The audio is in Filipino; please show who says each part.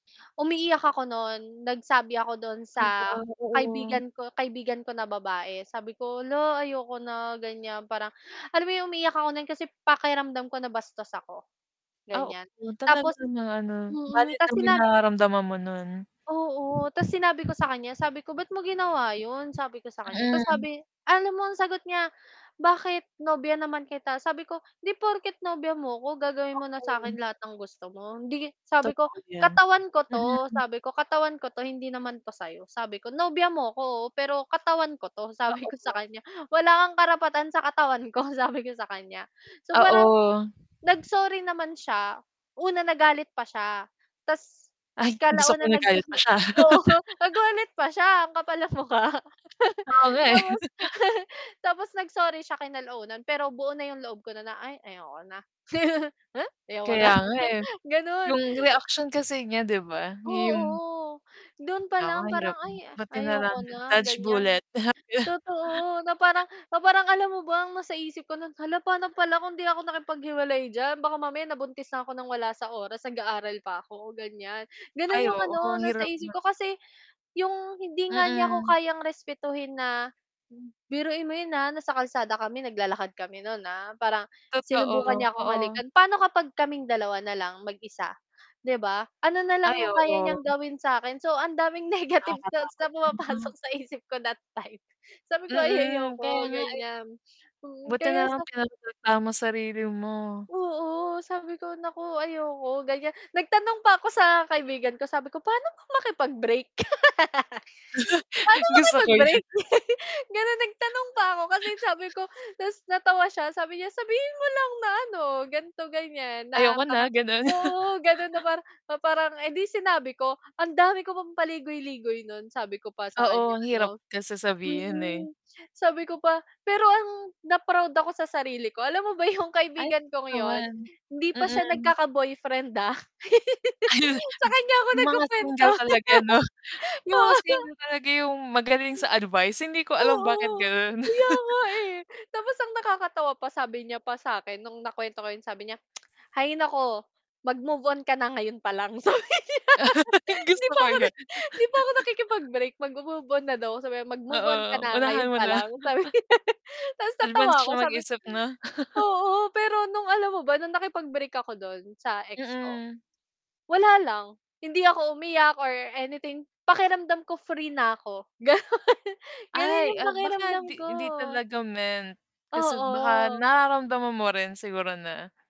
Speaker 1: Umiiyak ako no'n. Nagsabi ako do'n sa
Speaker 2: Hala, oo.
Speaker 1: kaibigan ko kaibigan ko na babae, sabi ko "Hala, ayoko na." gan'yan parang alam mo 'yon, umiiyak ako no'n kasi pakiramdam ko nabastos ako,
Speaker 2: Ah, oo.
Speaker 1: gan'yan.
Speaker 2: Talaga
Speaker 1: Tapos
Speaker 2: na ano
Speaker 1: mm,
Speaker 2: valid
Speaker 1: 'tas
Speaker 2: naman yung
Speaker 1: sina
Speaker 2: nararamdaman mo nun.
Speaker 1: oo, ta's sinabi ko sa kan'ya, sabi ko "Ba't mo ginawa 'yon?" sabi ko sa kan'ya tapos
Speaker 2: Mm.
Speaker 1: sabi alam mo ang sagot niya? "Bakit? Nobya naman kita", Sabi ko "Hindi porket nobya mo 'ko gagawin mo na sa
Speaker 2: Mm.
Speaker 1: akin lahat ng gusto mo. Hindi" sabi ko
Speaker 2: Totoo 'yan,
Speaker 1: "Katawan ko 'to."
Speaker 2: mm.
Speaker 1: sabi ko "Katawan ko 'to. Hindi naman to sa'yo." sabi ko "Nobya mo 'ko oo, pero katawan ko 'to." sabi ko sa
Speaker 2: Oo.
Speaker 1: kanya "Wala kang karapatan sa katawan ko." sabi ko sa kanya. So, parang
Speaker 2: Oo.
Speaker 1: nag-sorry naman siya. Una nagalit pa siya ta's
Speaker 2: Ay, gusto ko
Speaker 1: kalaunan nag
Speaker 2: nagalit pa siya.
Speaker 1: oo, nagalit pa siya ang kapal ng mukha.
Speaker 2: Oo nga, eh.
Speaker 1: Tapos, tapos nag-sorry siya kinalaunan pero buo na yung loob ko na "Ay ayoko na." Eh, Ayoko na,
Speaker 2: Kaya nga, eh.
Speaker 1: ganun.
Speaker 2: 'Yung reaction kasi niya di ba yung
Speaker 1: Oo. Do'n pa lang
Speaker 2: Ay
Speaker 1: parang
Speaker 2: hirap nun.
Speaker 1: "Ay,
Speaker 2: Buti na lang
Speaker 1: ayoko
Speaker 2: din.
Speaker 1: na",
Speaker 2: Touch
Speaker 1: gan'yan.
Speaker 2: bullet.
Speaker 1: Totoo, na parang na parang alam mo ba ang nasa isip ko no'n "hala pa'no pala kung 'di ako nakipaghiwalay diyan baka mamaya nabuntis na ako ng wala sa oras nag-aaral pa ako", gan'yan. Gano'n
Speaker 2: Ay
Speaker 1: 'yong
Speaker 2: oo
Speaker 1: ano
Speaker 2: ang
Speaker 1: nasa
Speaker 2: hirap
Speaker 1: isip
Speaker 2: nun.
Speaker 1: ko. Kasi yung hindi nga niya ako
Speaker 2: Mm.
Speaker 1: kayang respetuhin. Na-biruin mo yun ha nasa kalsada kami naglalakad kami no'n ha, parang
Speaker 2: Totoo,
Speaker 1: sinubukan niya akong
Speaker 2: oo.
Speaker 1: halikan. Paano kapag kaming dalawa na lang mag-isa, 'di ba? Ano na lang
Speaker 2: Ay
Speaker 1: 'yong kaya niyang
Speaker 2: oo.
Speaker 1: gawin sa akin. So ang daming negative
Speaker 2: Nakaka-pagod
Speaker 1: thoughts na
Speaker 2: yun,
Speaker 1: pumapasok
Speaker 2: 'no?
Speaker 1: sa isip ko that time. Sabi ko ay
Speaker 2: Mm, kaya
Speaker 1: "Ayoko"
Speaker 2: nga, eh.
Speaker 1: gan'yan
Speaker 2: Buti
Speaker 1: kaya
Speaker 2: na lang
Speaker 1: sa
Speaker 2: pinoprotektahan mo sarili mo.
Speaker 1: Oo. Sabi ko, "naku, ayoko" gan'yan. Nagtanong pa ako sa kaibigan ko, sabi ko "Paano ba makipag-break?" "Paano
Speaker 2: Gusto ko yan.
Speaker 1: makipag-break?" ganun nagtanong pa ako kasi sabi ko Ta's natawa siya sabi niya "Sabihin mo lang na ano ganito gan'yan na
Speaker 2: "Ayoko na."
Speaker 1: parang"
Speaker 2: ganun.
Speaker 1: Oo, ganun na parang edi sinabi ko. Ang dami ko pang paligoy-ligoy nun. Sabi ko pa sa kan'ya
Speaker 2: Oo. Ang hirap
Speaker 1: ano.
Speaker 2: ta's sasabihin, eh.
Speaker 1: Hmm. Sabi ko pa pero ang na-proud ako sa sarili ko. Alam mo ba yung
Speaker 2: Ay
Speaker 1: kaibigan
Speaker 2: [unintelligible]
Speaker 1: kung 'yon,
Speaker 2: naman,
Speaker 1: hindi pa siya
Speaker 2: mm.
Speaker 1: nagkaka-boyfriend, ah.
Speaker 2: Ay.
Speaker 1: Sa
Speaker 2: G
Speaker 1: kan'ya ako
Speaker 2: yung mga
Speaker 1: nagku-kuwento.
Speaker 2: single talaga 'no? Yung mga
Speaker 1: Oo.
Speaker 2: single talaga yung magaling sa advice hindi ko alam bakit
Speaker 1: Oo.
Speaker 2: ganun.
Speaker 1: kaya nga, eh. Tapos ang nakakatawa pa sabi niya pa sakin nung na-kwento ko yung sabi niya. "hay nako mag move on ka na ngayon palang" sabi nya. 'Di
Speaker 2: Gusto
Speaker 1: pa
Speaker 2: ko
Speaker 1: ako na
Speaker 2: yun.
Speaker 1: di pa ako nakikipag-break magmo-move on na daw. Sabi, "Mag-move on ka
Speaker 2: Oo
Speaker 1: na
Speaker 2: unahan
Speaker 1: ngayon
Speaker 2: mo
Speaker 1: pa
Speaker 2: na.
Speaker 1: lang." sabi. Ta's
Speaker 2: Advance
Speaker 1: natawa ko
Speaker 2: siya
Speaker 1: sabi
Speaker 2: mag-isip 'no?
Speaker 1: oo, pero nung alam mo ba nung nakipag-break ako dun sa ex ko?
Speaker 2: Mm.
Speaker 1: Wala lang. Hindi ako umiyak or anything pakiramdam ko free na ako. Ganun. Ganun
Speaker 2: Ay,
Speaker 1: yung
Speaker 2: ah, baka
Speaker 1: pakiramdam ko.
Speaker 2: 'di hindi talaga meant, kasi baka
Speaker 1: Oo.
Speaker 2: nararamdaman mo rin siguro na.